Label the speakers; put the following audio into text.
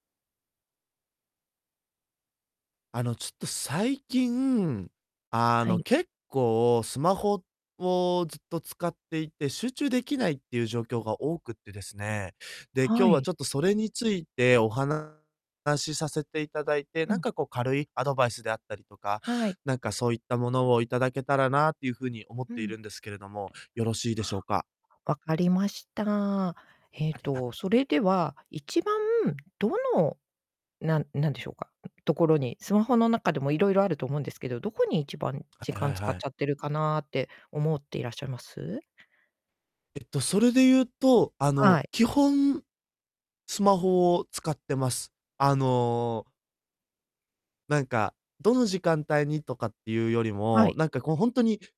Speaker 1: あの、ちょっと最近、あ
Speaker 2: は
Speaker 1: の、
Speaker 2: い。
Speaker 1: 結構スマホをずっと使っていて、集中できないっていう状況が多くってですね。で、今
Speaker 2: は
Speaker 1: 日は
Speaker 2: い。
Speaker 1: ちょっとそれについてお話させていただいて、
Speaker 2: う
Speaker 1: なん
Speaker 2: ん。
Speaker 1: かこう軽いアドバイスであったりとか、
Speaker 2: はい。
Speaker 1: なんかそういったものをいただけたらなっていうふうに思っ
Speaker 2: う
Speaker 1: ている
Speaker 2: ん。
Speaker 1: んですけれども、よろしいでしょうか？
Speaker 2: あ、わかりました。え
Speaker 1: あ
Speaker 2: っ
Speaker 1: りがと
Speaker 2: と、それでは、一番どの、なんなんでしょうか、ところに、スマホの中でも色々あると思うんですけど、どこに一番
Speaker 1: は
Speaker 2: 時
Speaker 1: いは
Speaker 2: 間
Speaker 1: い
Speaker 2: 使っ
Speaker 1: はい。
Speaker 2: ちゃってるかなって思っていらっしゃいます？
Speaker 1: えっと、それで言うと、あ
Speaker 2: は
Speaker 1: の、
Speaker 2: い。
Speaker 1: 基本、スマホを使ってます。あのなんか、どの時間帯にとかっていうより
Speaker 2: は
Speaker 1: も、
Speaker 2: い。
Speaker 1: なんかこうほんとに